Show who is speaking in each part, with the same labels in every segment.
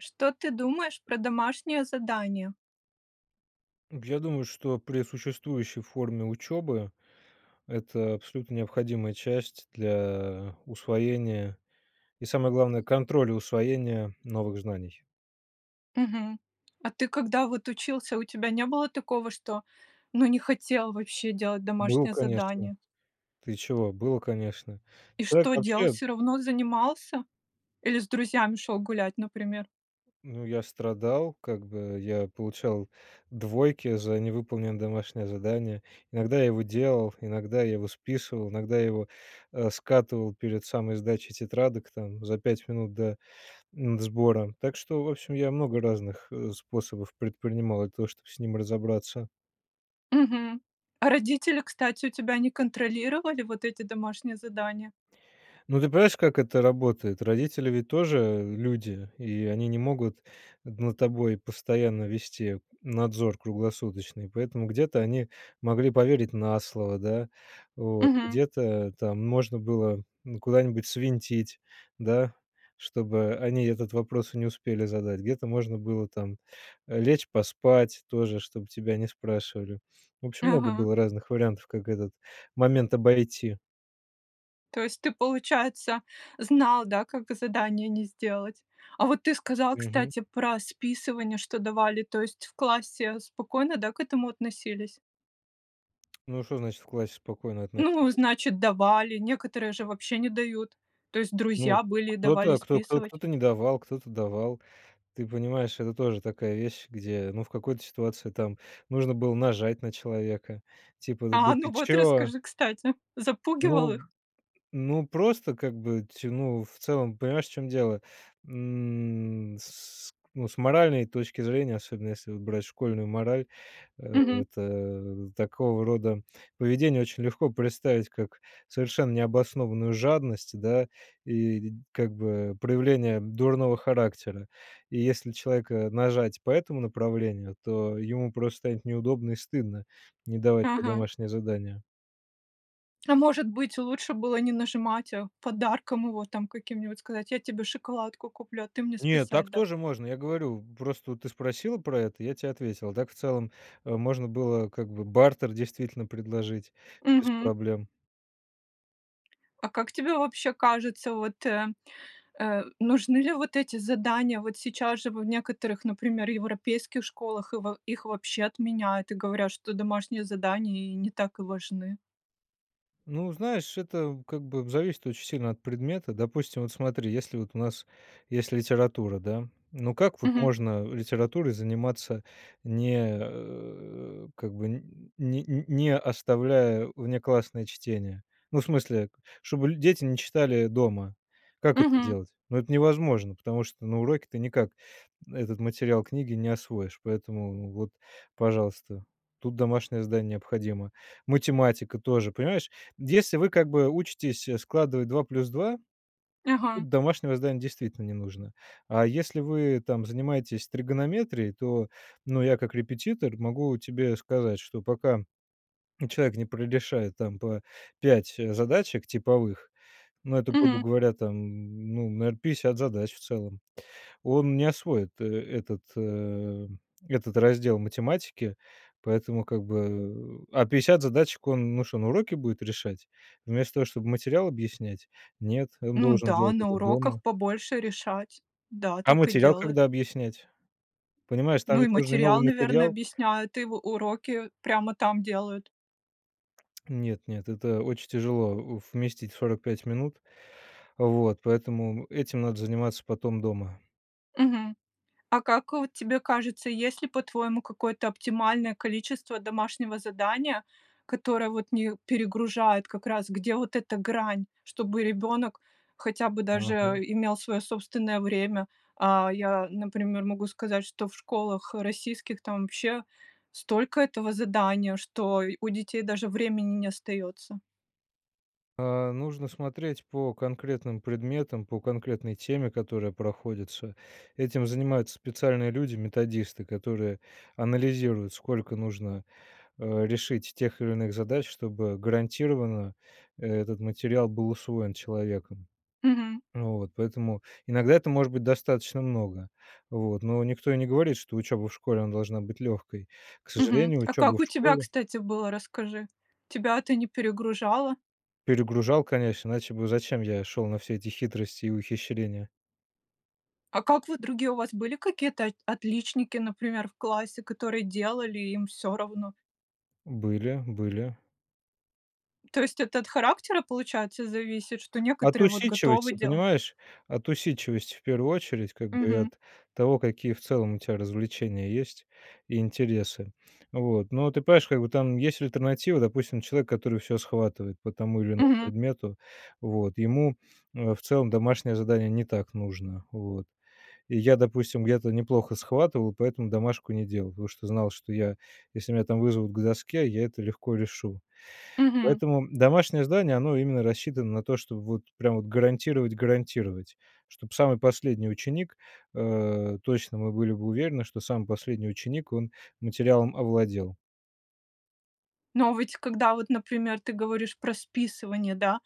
Speaker 1: Что ты думаешь про домашнее задание?
Speaker 2: Я думаю, что при существующей форме учебы, это абсолютно необходимая часть для усвоения и, самое главное, контроля усвоения новых знаний.
Speaker 1: Мгм. А ты, когда вот учился, у тебя не было такого, что, ну, не хотел вообще делать
Speaker 2: Был,
Speaker 1: домашнее
Speaker 2: конечно.
Speaker 1: задание?
Speaker 2: Ты чего, было, конечно.
Speaker 1: И что,
Speaker 2: Человек
Speaker 1: делал,
Speaker 2: вообще
Speaker 1: всё равно занимался? Или с друзьями шел гулять, например?
Speaker 2: Ну, я страдал, как бы, я получал двойки за невыполненное домашнее задание. Иногда я его делал, иногда я его списывал, иногда я его, э, скатывал перед самой сдачей тетрадок, там за 5 минут до, м, сбора, так что, в общем, я много разных, э, способов предпринимал для того, чтобы с ним разобраться.
Speaker 1: Мгм. А, родители, кстати, у тебя не контролировали вот эти домашние задания?
Speaker 2: Ну, ты понимаешь, как это работает? Родители ведь тоже люди, и они не могут над тобой постоянно вести надзор круглосуточный, поэтому где-то они могли поверить на слово, да, вот,
Speaker 1: Мгм.
Speaker 2: где-то там можно было, ну, куда-нибудь свинтить, да, чтобы они этот вопрос и не успели задать, где-то можно было там, э, лечь поспать тоже, чтоб тебя не спрашивали. В общем, много
Speaker 1: Ага.
Speaker 2: было разных вариантов, как этот момент обойти.
Speaker 1: То есть ты, получается, знал, да, как задание не сделать. А вот ты сказал,
Speaker 2: Мгм.
Speaker 1: кстати, про списывание, что давали, то есть в классе спокойно, да, к этому относились?
Speaker 2: Ну, что значит- в классе спокойно
Speaker 1: Ну,
Speaker 2: относились?
Speaker 1: значит, давали, некоторые же вообще не дают, то есть
Speaker 2: Ну,
Speaker 1: друзья были и давали
Speaker 2: кто-то, кто кто
Speaker 1: списывать.
Speaker 2: кто-то не давал, кто-то давал. Ты понимаешь, это тоже такая вещь, где, ну, в какой-то ситуации там нужно было нажать на человека, типа: "Да
Speaker 1: А, ну
Speaker 2: ты
Speaker 1: вот
Speaker 2: чё?"
Speaker 1: расскажи, кстати! Запугивал
Speaker 2: Ну
Speaker 1: их?
Speaker 2: ну, просто, как бы, ть ну, в целом понимаешь, в чем дело, м, с с ну, с моральной точки зрения, особенно если вот брать школьную мораль, э,
Speaker 1: Мгм.
Speaker 2: это такого рода поведение очень легко представить, как совершенно необоснованную жадность, да, и, как бы, проявление дурного характера, и если человека нажать по этому направлению, то ему просто станет неудобно и стыдно не давать тебе
Speaker 1: Ага.
Speaker 2: домашнее задание.
Speaker 1: А, может быть, лучше было не нажимать, а подарком его там каким-нибудь, сказать: "Я тебе шоколадку куплю, а ты мне
Speaker 2: Нет,
Speaker 1: списать
Speaker 2: так
Speaker 1: дашь".
Speaker 2: тоже можно, я говорю. Просто вот ты спросила про это, я те ответил. А так в целом, э, можно было, как бы, бартер действительно предложить, без
Speaker 1: Мгм.
Speaker 2: проблем.
Speaker 1: А как тебе вообще кажется, вот, э, э, нужны ли вот эти задания? Вот сейчас же в некоторых, например, европейских школах, и во их вообще отменяют, и говорят, что домашние задания и не так и важны.
Speaker 2: Ну, знаешь, это, как бы, зависит очень сильно от предмета. Допустим, вот смотри, если вот у нас есть литература, да? Ну, как вот
Speaker 1: Мгм.
Speaker 2: можно литературой заниматься не, э, как бы н не не оставляя внеклассное чтение? Ну, в смысле, чтобы ль дети не читали дома. Как это
Speaker 1: Мгм.
Speaker 2: делать? Ну, это невозможно, потому что на уроке ты никак этот материал книги не освоишь. Поэтому вот, пожалуйста, тут домашнее задание необходимо. Математика тоже, понимаешь, если вы, как бы, учитесь складывать 2 плюс 2,
Speaker 1: Ага.
Speaker 2: домашнего здания действительно не нужно. А если вы там занимаетесь тригонометрией, то, ну, я как репетитор могу тебе сказать, что пока человек не прорешает там по 5 задачек типовых, ну это, грубо
Speaker 1: Мгм.
Speaker 2: говоря, там, ну, наверно, 50 задач в целом, он не освоит этот, э, этот раздел математики. Поэтому, как бы, э, а 50 задачек он, ну шо, на уроке будет решать вместо того, чтоб материал объяснять? Нет, он
Speaker 1: Ну
Speaker 2: должен
Speaker 1: да,
Speaker 2: делать
Speaker 1: на
Speaker 2: это
Speaker 1: уроках
Speaker 2: дома.
Speaker 1: побольше решать. Да,
Speaker 2: А
Speaker 1: так и
Speaker 2: материал
Speaker 1: делают.
Speaker 2: когда объяснять? Понимаешь, там
Speaker 1: Ну, и
Speaker 2: ведь нужен и
Speaker 1: материал,
Speaker 2: новый
Speaker 1: наверно,
Speaker 2: материал.
Speaker 1: объясняет, и в уроки прямо там делают.
Speaker 2: Нет нет, это очень тяжело, э, вместить в 45 минут, вот поэтому этим надо заниматься потом дома.
Speaker 1: Мгм. А как вот тебе кажется, есть ли, по-твоему, какое-то оптимальное количество домашнего задания, которое вот не перегружает как раз, где вот эта грань, чтобы ребенок хотя бы даже
Speaker 2: Ага.
Speaker 1: имел свое собственное время? А, я, например, могу сказать, что в школах, э, российских там вообще столько этого задания, что й у детей даже времени не остается.
Speaker 2: А, нужно смотреть по конкретным предметам, по конкретной теме, которая проходится. Этим занимаются специальные люди- методисты, которые анализируют, сколько нужно, э, решить тех или иных задач, чтобы гарантированно этот материал был усвоен человеком.
Speaker 1: Мгм.
Speaker 2: Вот. Поэтому иногда это может быть достаточно много, вот, но никто и не говорит, что учеба в школе, она должна быть легкой. К
Speaker 1: Мгм.
Speaker 2: сожалению,
Speaker 1: А
Speaker 2: учеба
Speaker 1: как
Speaker 2: в
Speaker 1: у тебя,
Speaker 2: школе
Speaker 1: кстати, было, расскажи? Тебя это не перегружало?
Speaker 2: Перегружал, конечно, иначе бы зачем я шел на все эти хитрости и ухищрения.
Speaker 1: А как вот другие у вас были какие-то от отличники, например, в классе, которые делали, и им всё равно?
Speaker 2: Были, были.
Speaker 1: То есть это от характера получается зависит, что
Speaker 2: От
Speaker 1: некоторые вот готовы
Speaker 2: усидчивости,
Speaker 1: делать?
Speaker 2: понимаешь. От усидчивости, в первую очередь, как бы
Speaker 1: Мгм.
Speaker 2: от того какие в целом у тебя развлечения есть, и интересы. Вот. Но ты понимаешь, как бы там, есть, альтернатива. Допустим человек который всё схватывает по тому или иному
Speaker 1: Мгм.
Speaker 2: предмету, вот. Ему, э, в целом домашнее задание не так нужно. Вот. И я допустим, я-то неплохо схватывал, поэтому домашку не делал, потому что знал что я, если меня там вызовут к доске я это легко решу.
Speaker 1: Мгм.
Speaker 2: Поэтому домашнее здание- оно именно рассчитано на то чтоб вот прям вот гарантировать гарантировать, чтоб самый последний ученик, э, точно мы были бы уверены, что самый последний, ученик- он материалом овладел.
Speaker 1: Но, а, ведь когда вот, например, ты говоришь про списывание, да,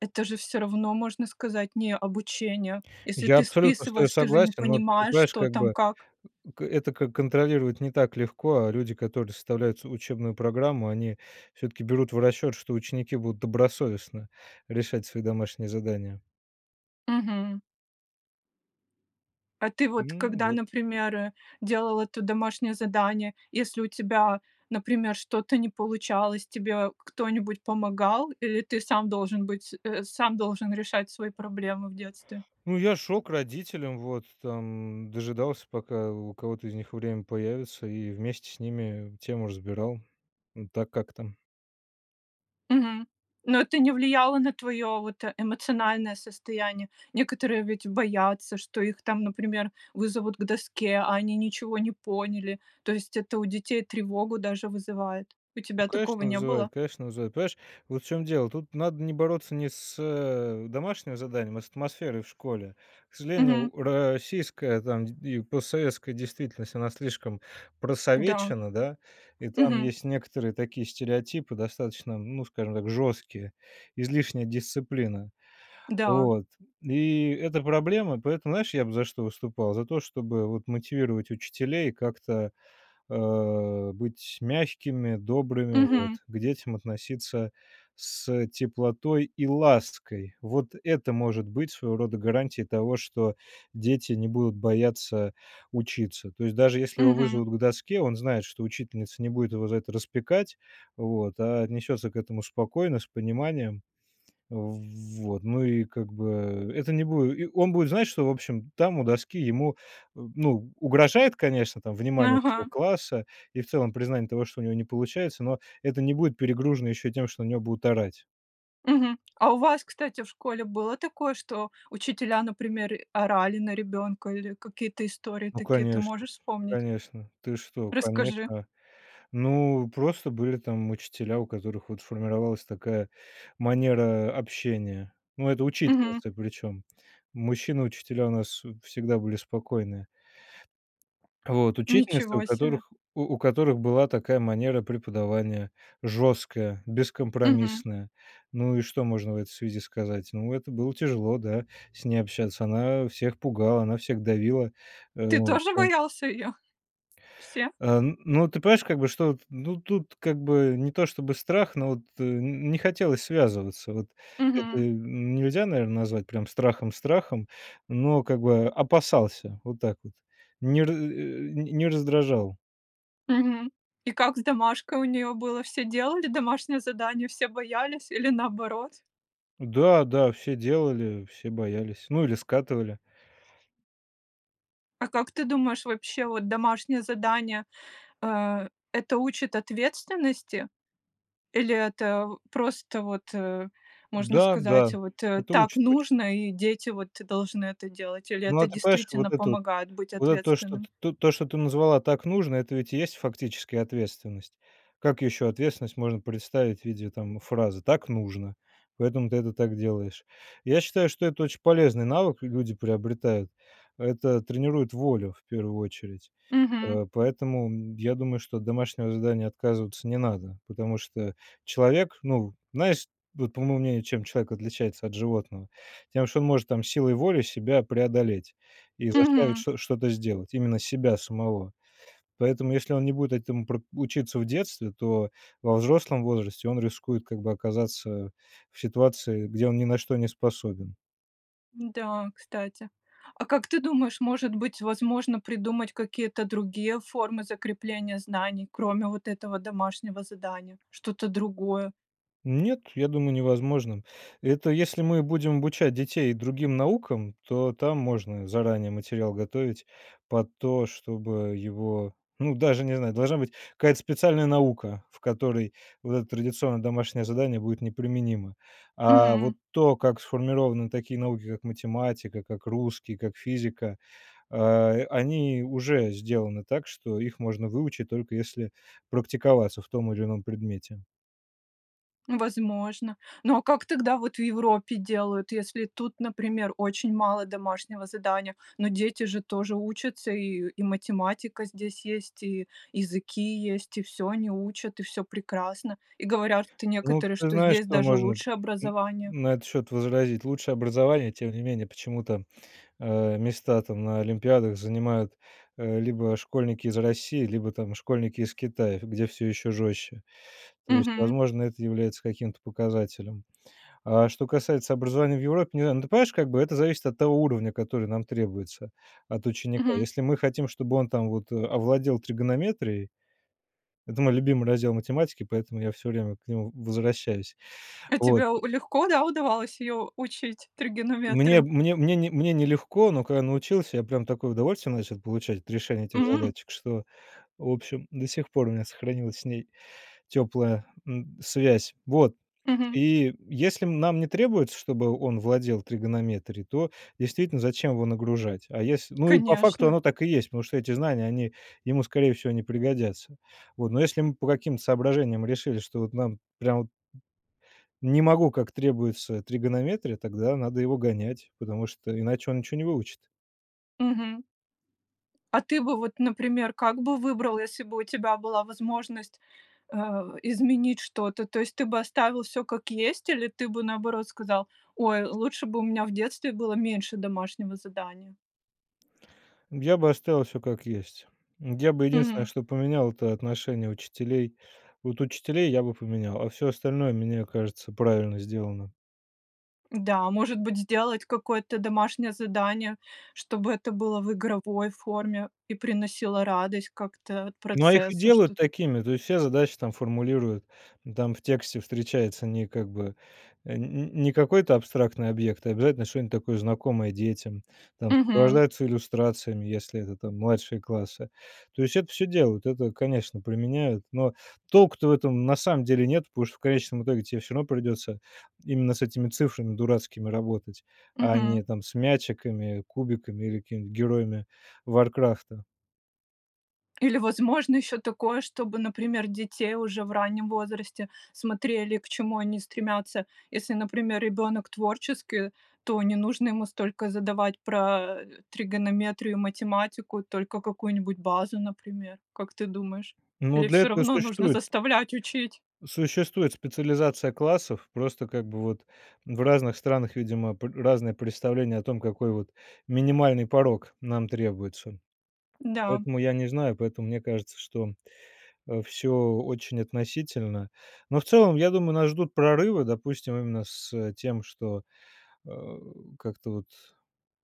Speaker 1: это же всё равно можно сказать- не обучение. Если
Speaker 2: Я
Speaker 1: ты
Speaker 2: абсолютно с тобой
Speaker 1: списываешь, ты же не
Speaker 2: согласен, но от ты
Speaker 1: понимаешь,
Speaker 2: понимаешь,
Speaker 1: что
Speaker 2: как
Speaker 1: там
Speaker 2: бы,
Speaker 1: как.
Speaker 2: м, г это как контролировать не так легко, а люди которые составляют ц учебную программу они, всё-таки, берут в расчет, что ученики будут добросовестно решать свои домашние задания.
Speaker 1: Мгм. А ты вот
Speaker 2: Мгм,
Speaker 1: когда,
Speaker 2: вот.
Speaker 1: например, э, делал это домашнее задание, если у тебя, например, что-то не получалось, тебе к кто-нибудь помогал, или ты сам должен быть, э, сам должен решать свои проблемы в детстве?
Speaker 2: Ну я шёл к родителям, вот там, дожидался пока у кого-то из них время появится, и вместе с ними тему разбирал. М, так как-то.
Speaker 1: Мгм. Но это не влияло на твоё, вот, э, эмоциональное состояние. Некоторые ведь боятся, что их там, например, вызовут к доске, а они ничего не поняли. То есть это у детей тревогу даже вызывает. У
Speaker 2: Ну
Speaker 1: тебя такого
Speaker 2: конечно
Speaker 1: не было?
Speaker 2: вызывает, конечно вызывает. Понимаешь, вот в чём дело, тут надо не бороться не с, э, домашним заданием, а с атмосферой в школе. К сожалению
Speaker 1: Мгм.
Speaker 2: у российская там д и постсоветской действительность- она слишком
Speaker 1: Да.
Speaker 2: просовечена, да, и там
Speaker 1: Мгм.
Speaker 2: есть некоторые такие стереотипы достаточно, ну, скажем так, жёсткие: излишняя дисциплина.
Speaker 1: Да.
Speaker 2: Вот. И это проблема. Поэтому знаешь, я бы за что выступал за то, чтобы вот мотивировать учителей, как-то, а, быть мягкими, добрыми,
Speaker 1: Мгм.
Speaker 2: вот. К детям относиться с, теплотой и лаской. Вот это может быть своего рода гарантией того, что дети не будут бояться учиться. То есть даже если его
Speaker 1: Мгм.
Speaker 2: вызовут к доске, он знает, что учительница не будет его за это распекать, вот, а отнесется к этому спокойно с пониманием. Вот. Ну и как бы, это не буде и он будет знать, что, в общем, там у доски ему, м, ну, угрожает конечно там внимание всего
Speaker 1: Ага.
Speaker 2: класса, и в целом признание того, что у него не получается, но это не будет перегружено ещё и тем что на него будут орать.
Speaker 1: Мгм. А у вас, кстати, в школе было такое, что учителя, например, э, орали на ребенка, или какие-то истории
Speaker 2: Ну
Speaker 1: такие ты
Speaker 2: конечно.
Speaker 1: можешь вспомнить?
Speaker 2: Конечно. Ты что,
Speaker 1: Расскажи.
Speaker 2: Конечно. Ну просто были там учителя, у которых вот формировалась такая манера общения. Но это
Speaker 1: Мгм.
Speaker 2: учительницы причём. Мужчины учителя у нас, э, всегда были спокойные. Вот. Учительница у
Speaker 1: Ничего себе.
Speaker 2: которых у у которых была такая манера преподавания: жесткая,
Speaker 1: Мгм.
Speaker 2: бескомпромиссная. Ну и что можно в этой связи сказать? Ну это было тяжело, да, с ней общаться она, а, всех пугала, она всех давила, э,
Speaker 1: Ты
Speaker 2: в
Speaker 1: тоже
Speaker 2: [unintelligible]
Speaker 1: боялся её? Все?
Speaker 2: А н но ты понимаешь, как бы что, т ну тут, как бы, не то чтобы страх, но вот, э, н не хотелось связываться. Вот. Это
Speaker 1: Мгм.
Speaker 2: нельзя наверно назвать прям страхом страхом, но как бы опасался. Вот так вот. Не ра э, не раздражал.
Speaker 1: Мгм. И как с домашкой у неё было? Все делали домашнее задание, все боялись, или наоборот?
Speaker 2: Да-да все делали, все боялись ну или скатывали.
Speaker 1: А как ты думаешь, вообще, вот домашнее задание, э, это учит ответственности? Или это, просто вот, э, можно сказать,
Speaker 2: Да-да.
Speaker 1: вот, э:
Speaker 2: Это
Speaker 1: "Так
Speaker 2: учит очень.
Speaker 1: нужно"- и дети вот должны это делать, или
Speaker 2: Но
Speaker 1: это
Speaker 2: а ты понимаешь вот
Speaker 1: действительно
Speaker 2: это вот,
Speaker 1: помогает быть
Speaker 2: вот это то что,
Speaker 1: ответственным?
Speaker 2: т тут что ты назвала так нужно- это ведь и есть фактически ответственность. Как ещё ответственность можно представить в виде там фразы: "Так нужно"- поэтому ты это так делаешь. Я считаю что это очень полезный навык л люди приобретают. Это тренирует волю, в первую очередь.
Speaker 1: Мгм.
Speaker 2: Э, поэтому, я думаю что от домашнего задания отказываться не надо, потому что человек, ну Знаешь вот по моему мнению, чем человек отличается от животного? Тем что он может там силой воли себя преодолеть, и заставить
Speaker 1: Мгм.
Speaker 2: чт что-то сделать. Именно себя самого. Поэтому если он не будет этому про учиться в детстве, то во взрослом возрасте он рискует как бы оказаться в ситуации где он ни на что не способен.
Speaker 1: М, да, кстати. А как ты думаешь, может быть возможно придумать какие-то другие формы закрепления знаний, кроме вот этого домашнего задания, что-то другое?
Speaker 2: Нет, я думаю, невозможным. Это если мы будем обучать детей другим наукам, то там можно заранее материал готовить под то, чтобы его, ну, даже не знаю, должна быть какая-то специальная наука, в которой вот это традиционное домашнее задание будет не применимо. А
Speaker 1: Мгм.
Speaker 2: вот то, как сформированы такие науки, как математика, как русский, как физика, а, они уже сделаны так, что их можно выучить только если практиковаться в том или ином предмете.
Speaker 1: Возможно. Ну а как тогда вот в Европе делают, если тут, например, очень мало домашнего задания, но дети же тоже учатся, и и математика здесь есть, и языки есть, и всё они учат, и всё прекрасно, и говорят, что
Speaker 2: Ну,
Speaker 1: некоторые,
Speaker 2: ты
Speaker 1: что
Speaker 2: знаешь,
Speaker 1: здесь
Speaker 2: что
Speaker 1: даже
Speaker 2: можно
Speaker 1: лучше
Speaker 2: н
Speaker 1: образование.
Speaker 2: на этот счет возразить: лучшее образование, тем не менее, почему-то, э, места там на олимпиадах занимают, э, либо школьники из России, либо, там, школьники из Китая, где всё еще жестче. То есть,
Speaker 1: Мгм.
Speaker 2: возможно, это является каким-то показателем. А что касается образования в Европе- не знаю, ну, ты понимаешь, как бы, это зависит от того уровня, который нам требуется от ученика.
Speaker 1: Мгм.
Speaker 2: Если мы хотим, чтобы он, там, вот овладел тригонометрией- это мой любимый раздел математики, поэтому я всё время к нему возвращаюсь,
Speaker 1: А
Speaker 2: вот,
Speaker 1: тебе
Speaker 2: э
Speaker 1: у легко, да, удавалось её учить,
Speaker 2: Мне
Speaker 1: тригонометрию?
Speaker 2: мне мне не мне не легко, но когда научился, я прям такое удовольствие начал получать от решения этих
Speaker 1: М.
Speaker 2: задачек, что, в общем, до сих пор у меня сохранилась с ней теплая, м, связь. Вот,
Speaker 1: Мгм.
Speaker 2: и если нам не требуется, чтобы он владел тригонометрией, то, действительно, зачем его нагружать? А если ну, и по факту
Speaker 1: Конечно.
Speaker 2: оно так и есть, потому что эти знания- они ему, скорее всего, не пригодятся. Вот, но если мы по каким-то соображениям решили, что вот нам прям вот не могу, как требуется тригонометрия, тогда надо его гонять, потому что иначе он ничё не выучит.
Speaker 1: Мгм. А ты бы вот, например, как бы выбрал, если бы у тебя была возможность, э, изменить что-то, то есть ты бы оставил всё как есть, или ты бы наоборот сказал: "Ой, лучше бы у меня в детстве было меньше домашнего задания?"
Speaker 2: Я бы оставил всё как есть, я бы единственное
Speaker 1: Мгм.
Speaker 2: что поменял- это отношение учителей, вот учителей я бы поменял, а всё остальное, мне кажется, правильно сделано.
Speaker 1: Да, может быть, сделать какое-то домашнее задание, чтобы это было в игровой форме, и приносило радость как-то от
Speaker 2: Но их и
Speaker 1: процесса,
Speaker 2: делают
Speaker 1: что-то
Speaker 2: такими, то есть все задачи там формулируют там в тексте встречается не, как бы, э, нь нь не какой-то абстрактный объект, а обязательно что-нибудь такое знакомое детям, там
Speaker 1: Мгм.
Speaker 2: сопровождаются иллюстрациями, если это, там младшие классы, то есть это всё делают, это конечно применяют, но толку-то в этом на самом деле нет, потому что в конечном итоге тебе равно придется именно с этими цифрами дурацкими работать, а
Speaker 1: Мгм.
Speaker 2: не там с мячиками, кубиками или какими-нибудь героями Варкрафта.
Speaker 1: Или возможно еще такое, чтобы, например, детей уже в раннем возрасте смотрели, к чему они стремятся. Если, например, ребенок творческий, то не нужно ему столько задавать про, э, тригонометрию и математику, только какую-нибудь базу, например. Как ты думаешь,
Speaker 2: Но
Speaker 1: или
Speaker 2: для
Speaker 1: всё
Speaker 2: этого и
Speaker 1: равно нужно
Speaker 2: существует
Speaker 1: заставлять учить?
Speaker 2: существует специализация классов, просто, как бы, вот, в разных странах, видимо, пр разные представления о том, какой, вот, минимальный порог нам требуется.
Speaker 1: Да.
Speaker 2: Поэтому я не знаю, поэтому мне кажется, что, а, всё очень относительно, но в целом я думаю, нас ждут прорывы, допустим, именно с тем, что, э, как-то вот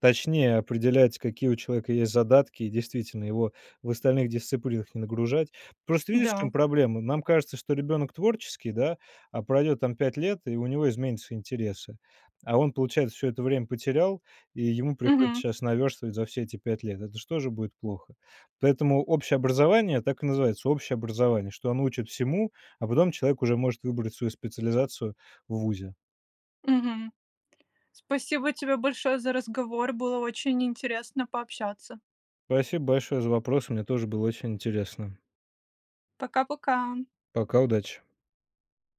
Speaker 2: точнее определять, какие у человека есть задатки, и действительно его в остальных дисциплинах не нагружать. Просто видишь, в чем
Speaker 1: Да.
Speaker 2: проблема? Нам кажется, что ребенок творческий, да, а пройдет там 5 лет, и у него изменятся интересы, а он, получается, всё это время потерял, и ему приходится
Speaker 1: Мгм.
Speaker 2: щас наверстывать за все эти 5 лет. Это же тоже будет плохо. Поэтому общее образование так и называется общее образование, что оно учит всему, а потом человек уже может выбрать свою специализацию в вузе.
Speaker 1: Мгм, спасибо тебе большое за разговор, было очень интересно пообщаться.
Speaker 2: Спасибо большое за вопросы, мне тоже было очень интересно.
Speaker 1: Пока-пока.
Speaker 2: Пока. Удачи.